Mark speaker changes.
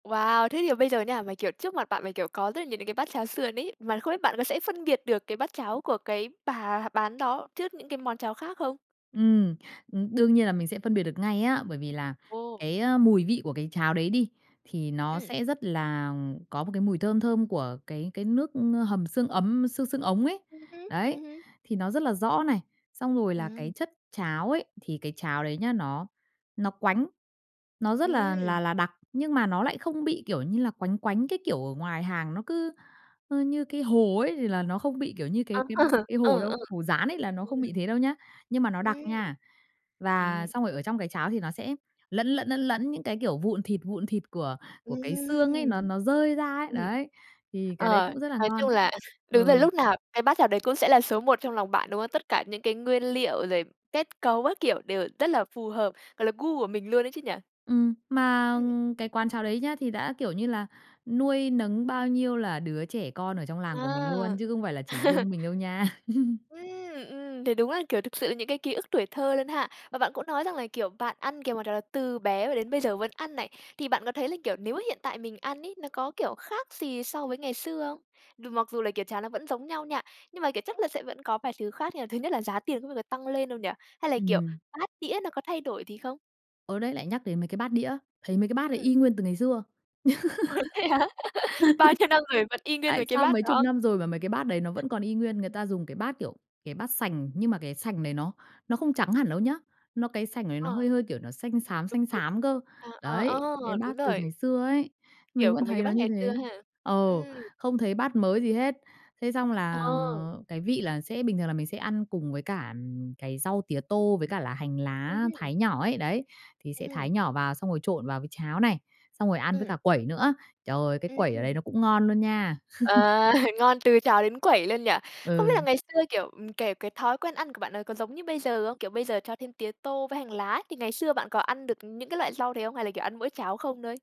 Speaker 1: Wow! Thế thì bây giờ nha, mà, kiểu, trước mặt bạn mà, kiểu, có rất là nhiều những cái bát cháo sườn ấy, mà không biết bạn có thể phân biệt được cái bát cháo của cái bà bán đó trước những cái món cháo khác không?
Speaker 2: Ừm, ừm, đương nhiên là mình sẽ phân biệt được ngay á, bởi vì là
Speaker 1: Ồ.
Speaker 2: cái, ơ, mùi vị của cái cháo đấy đi, thì nó
Speaker 1: Ừm.
Speaker 2: sẽ rất là có một cái mùi thơm thơm của cái cái nước hầm xương ấm xương xương ống ấy.
Speaker 1: Ừm hứm,
Speaker 2: Đấy,
Speaker 1: ừm hưm.
Speaker 2: thì nó rất là rõ này, xong rồi là
Speaker 1: Ừm.
Speaker 2: cái chất cháo ấy, thì cái cháo đấy nhá nó nó quánh, nó rất là
Speaker 1: Ừm!
Speaker 2: là là đặc, nhưng mà nó lại không bị, kiểu như là, quánh quánh cái kiểu ở ngoài hàng nó cứ, ơ, như cái hồ ấy thì là nó không bị kiểu như
Speaker 1: À.
Speaker 2: cái cái cái hồ
Speaker 1: Ờ,
Speaker 2: đâu,
Speaker 1: ờ.
Speaker 2: hồ dán ấy là nó không
Speaker 1: Ừm.
Speaker 2: bị thế đâu nhá. Nhưng mà nó đặc
Speaker 1: Ừm.
Speaker 2: nha. Và
Speaker 1: Ừm.
Speaker 2: xong rồi ở trong cái cháo thì nó sẽ lẫn lẫn, lẫn lẫn những cái, kiểu, vụn thịt vụn thịt của của cái xương ấy, nó
Speaker 1: Ừm.
Speaker 2: nó rơi ra ấy,
Speaker 1: Ừm.
Speaker 2: đấy. Thì cái đấy
Speaker 1: Ờ,
Speaker 2: cũng rất là
Speaker 1: nói chung
Speaker 2: ngon.
Speaker 1: là đúng rồi,
Speaker 2: Ừ.
Speaker 1: lúc nào cái bát cháo đấy cũng sẽ là số một trong lòng bạn, đúng không? Tất cả những cái nguyên liệu rồi kết cấu các kiểu đều rất là phù hợp, gọi là, gu của mình luôn ấy chứ nhỉ?
Speaker 2: Ừm, mà
Speaker 1: Ừm.
Speaker 2: cái quán cháo đấy nhá, thì đã, kiểu như là, nuôi nấng bao nhiêu là đứa trẻ con ở trong làng của mình luôn
Speaker 1: À!
Speaker 2: chứ không phải là chỉ riêng mình đâu nha.
Speaker 1: Ừm, ừm, thì đúng là, kiểu, thực sự những cái ký ức tuổi thơ luôn ha. Và bạn cũng nói rằng là, kiểu, bạn ăn, cái món đó từ bé mà đến bây giờ vẫn ăn này. Thì bạn có thấy là, kiểu, nếu hiện tại mình ăn ấy, nó có, kiểu, khác gì so với ngày xưa không? Mặc dù là, kiểu, cháo nó vẫn giống nhau nha, nhưng mà, kiểu, chắc là sẽ vẫn có vài thứ khác như là, thứ nhất là giá tiền có bao giờ tăng lên đâu nhỉ? Hay là, kiểu,
Speaker 2: Ừm.
Speaker 1: bát đĩa nó có thay đổi gì không?
Speaker 2: Ờ, đấy lại nhắc đến mấy cái bát đĩa, thấy mấy cái bát đấy
Speaker 1: Ừm.
Speaker 2: y nguyên từ ngày xưa.
Speaker 1: Ồ, thế hả? Bao nhiêu năm rồi vẫn y nguyên với
Speaker 2: Tại
Speaker 1: cái
Speaker 2: sao
Speaker 1: bát
Speaker 2: mấy chục
Speaker 1: đó?
Speaker 2: năm rồi mà mấy cái bát đấy nó vẫn còn y nguyên, người ta dùng cái bát, kiểu, cái bát sành nhưng mà cái sành này nó nó không trắng hẳn đâu nhé, nó cái sành này nó
Speaker 1: À.
Speaker 2: hơi hơi, kiểu, nó xanh xám,
Speaker 1: Đúng,
Speaker 2: xanh
Speaker 1: đúng.
Speaker 2: xám cơ.
Speaker 1: À, à, a!
Speaker 2: Đấy, cái
Speaker 1: Đúng
Speaker 2: bát từ
Speaker 1: rồi.
Speaker 2: ngày xưa ấy, mình
Speaker 1: Kiểu,
Speaker 2: vẫn
Speaker 1: của mấy cái
Speaker 2: thấy nó
Speaker 1: bát
Speaker 2: như
Speaker 1: ngày xưa
Speaker 2: thế.
Speaker 1: ha.
Speaker 2: Ờ,
Speaker 1: Ừm.
Speaker 2: không thấy bát mới gì hết. Thế xong là
Speaker 1: Ờ.
Speaker 2: cái vị là sẽ bình thường là mình sẽ ăn cùng với cả, ừm, cái rau tía tô với cả là hành
Speaker 1: Ừm
Speaker 2: lá
Speaker 1: hưm.
Speaker 2: thái nhỏ ấy, đấy, thì
Speaker 1: Ừm
Speaker 2: sẽ
Speaker 1: hưm.
Speaker 2: thái nhỏ vào xong rồi trộn vào với cháo này, xong rồi ăn với
Speaker 1: Ừm.
Speaker 2: cả quẩy nữa. Trời, cái quẩy ở đấy nó
Speaker 1: Ừm.
Speaker 2: cũng ngon luôn nha.
Speaker 1: À! Ngon từ cháo đến quẩy luôn nhỉ? Không biết là
Speaker 2: Ừ.
Speaker 1: ngày xưa, kiểu, ừm, kể cái thói quen ăn của bạn ấy có giống như bây giờ không? Kiểu, bây giờ cho thêm tía tô với hành lá ấy, thì ngày xưa bạn có ăn được những cái loại rau đấy không, hay là, kiểu, ăn mỗi cháo không thôi?